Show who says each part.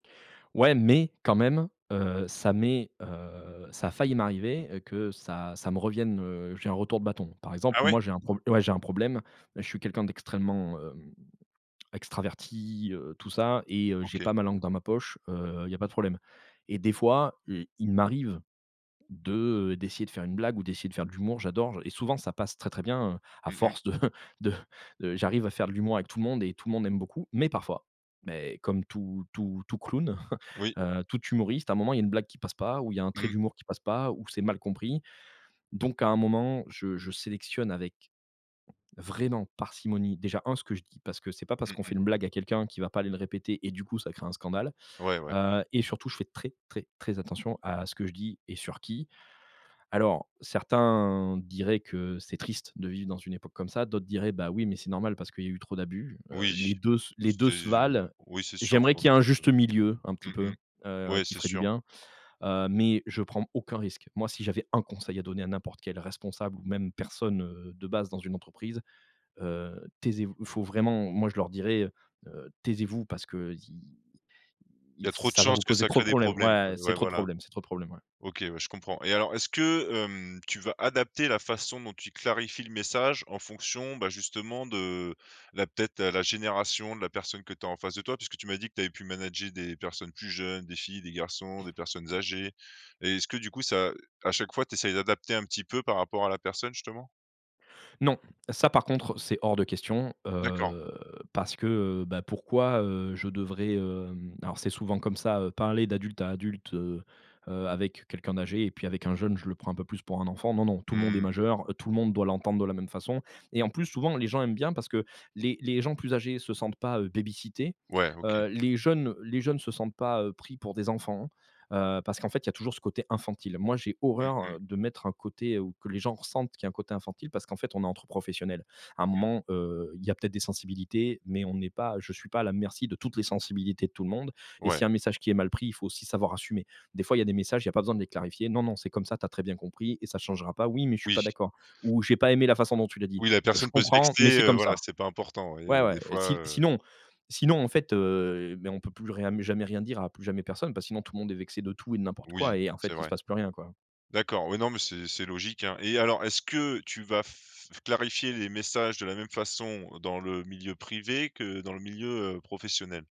Speaker 1: Ouais! Mais quand même, heu, ça m'est heu, ça a failli m'arriver que ça ça me revienne heu, j'ai un retour de bâton. Par
Speaker 2: Ah
Speaker 1: exemple,
Speaker 2: ouais?
Speaker 1: moi j'ai un problè ouais, j'ai un problème. Je suis quelqu'un d'extrêmement, heu, extraverti, heu, tout ça! Et heu, j'ai
Speaker 2: OK.
Speaker 1: pas ma langue dans ma poche. Heu, il y a pas de problème. Et des fois, e il m'arrive de d'essayer de faire une blague, ou d'essayer de faire de l'humour. J'adore! Je Et souvent, ça passe très, très bien, hein! A
Speaker 2: Mmh mh.
Speaker 1: force de de, heu, j'arrive à faire de l'humour avec tout le monde et tout le monde aime beaucoup. Mais parfois mais comme tout tout tout clown,
Speaker 2: Oui.
Speaker 1: heu, tout humoriste, à un moment il y a une blague qui passe pas, ou il y a un trait
Speaker 2: Mmh.
Speaker 1: d'humour qui passe pas, ou c'est mal compris! Donc, à un moment, je je sélectionne avec vraiment parcimonie; déjà un ce que je dis! Parce que c'est pas parce
Speaker 2: Mmh
Speaker 1: qu'on
Speaker 2: mh.
Speaker 1: fait une blague à quelqu'un qui va pas aller le répéter, et du coup, ça crée un scandale!
Speaker 2: Ouais, ouais.
Speaker 1: Heu et surtout je fais très, très, très attention à ce que je dis et sur qui! Alors, certains diraient que: «C'est triste de vivre dans une époque comme ça!» D'autres, diraient: «Bah, oui! Mais c'est normal parce qu'il y a eu trop d'abus». Heu,
Speaker 2: Oui!
Speaker 1: les 2 se les 2
Speaker 2: C'est
Speaker 1: se
Speaker 2: euh,
Speaker 1: valent.
Speaker 2: oui, c'est sûr si
Speaker 1: J'aimerais
Speaker 2: on
Speaker 1: qu'il y
Speaker 2: trouve
Speaker 1: ait un juste milieu, un
Speaker 2: que
Speaker 1: petit
Speaker 2: Mmh
Speaker 1: peu.
Speaker 2: mh.
Speaker 1: Heu,
Speaker 2: Ouais,
Speaker 1: qui
Speaker 2: c'est
Speaker 1: ferait du
Speaker 2: sûr.
Speaker 1: bien. Heu, mais je prends aucun risque. Moi si j'avais 1 conseil à donner à n'importe quel responsable, ou même personne, heu, de base dans une entreprise, heu: «Taisez-vous!» Il faut vraiment Moi je leur dirais, heu: «Taisez-vous parce qu'il
Speaker 2: Il
Speaker 1: il
Speaker 2: y a trop de
Speaker 1: ça va
Speaker 2: chances
Speaker 1: vous
Speaker 2: que
Speaker 1: causer
Speaker 2: ça
Speaker 1: trop de
Speaker 2: crée des
Speaker 1: problèmes!»
Speaker 2: problèmes,
Speaker 1: Ouais!
Speaker 2: quoi,
Speaker 1: C'est
Speaker 2: ouais,
Speaker 1: trop de
Speaker 2: voilà!
Speaker 1: problèmes, c'est trop de problèmes. Ouais!
Speaker 2: OK, ouais, je comprends. Et alors, est-ce que, hem, tu vas adapter la façon dont tu clarifies le message en fonction, bah, justement, de la peut-être, la génération de la personne que tu as en face de toi? Puisque tu m'as dit que tu avais pu manager des personnes plus jeunes, des filles, des garçons, des personnes âgées. Et est-ce que du coup, ça à chaque fois tu essayes d'adapter un petit peu par rapport à la personne justement?
Speaker 1: Non! Ça par contre, c'est hors de question!
Speaker 2: D'accord.
Speaker 1: Heu, parce que, heu, bah, pourquoi, heu, je devrais, heu Alors, c'est souvent comme ça! Parler d'adulte à adulte, heu, avec, heu, quelqu'un d'âgé et puis avec un jeune, je le prends un peu plus pour un enfant, non, non! Tout le monde est
Speaker 2: Mmh.
Speaker 1: majeur, tout le monde doit l'entendre de la même façon. Et en plus, souvent, les gens aiment bien parce que les les gens plus âgés se sentent pas, heu, baby-sitté,
Speaker 2: Ouais, OK.
Speaker 1: heu, les jeunes les jeunes se sentent pas, heu, pris pour des enfants. Heu, parce qu'en fait il y a toujours ce côté infantile. Moi j'ai
Speaker 2: Mmh
Speaker 1: horreur,
Speaker 2: mh.
Speaker 1: heu, de mettre un côté, ou que les gens ressentent qu'il y a côté infantile parce qu'en fait on est entre professionnels. À un
Speaker 2: Mmh.
Speaker 1: moment, heu, il y a peut-être des sensibilités, mais on n'est pas je suis pas à la merci de toutes les sensibilités de tout le monde et s'il
Speaker 2: Ouais.
Speaker 1: y a un message qui est mal pris, il faut aussi savoir assumer! Des fois, il y a des messages, il y a pas besoin de les clarifier: «Non, non! C'est comme ça! Tu as très bien compris, et ça changera pas!» «Oui! Mais je suis pas
Speaker 2: Oui.
Speaker 1: d'accord!» Ou: «J'ai pas aimé la façon dont tu l'as dit!»
Speaker 2: Oui! La
Speaker 1: «Je
Speaker 2: personne peut se
Speaker 1: comprends. Mais
Speaker 2: vexer,
Speaker 1: c'est
Speaker 2: heu,
Speaker 1: comme
Speaker 2: voilà!
Speaker 1: ça!»
Speaker 2: C'est pas important. Oui,
Speaker 1: Ouais,
Speaker 2: heu, des
Speaker 1: ouais. Et
Speaker 2: fois,
Speaker 1: si
Speaker 2: heu
Speaker 1: sinon sinon en fait, heu, mais on peut plus rien mais jamais rien dire à plus jamais personne, parce que sinon, tout monde est vexé de tout et de n'importe quoi.
Speaker 2: Oui!
Speaker 1: Et en
Speaker 2: c'est
Speaker 1: fait, il se
Speaker 2: vrai.
Speaker 1: passe plus rien quoi!
Speaker 2: D'accord! Oui, non mais c'est c'est logique, hein! Et alors, est-ce que tu vas f clarifier les messages de la même façon dans le milieu privé que dans le milieu, heu, professionnel?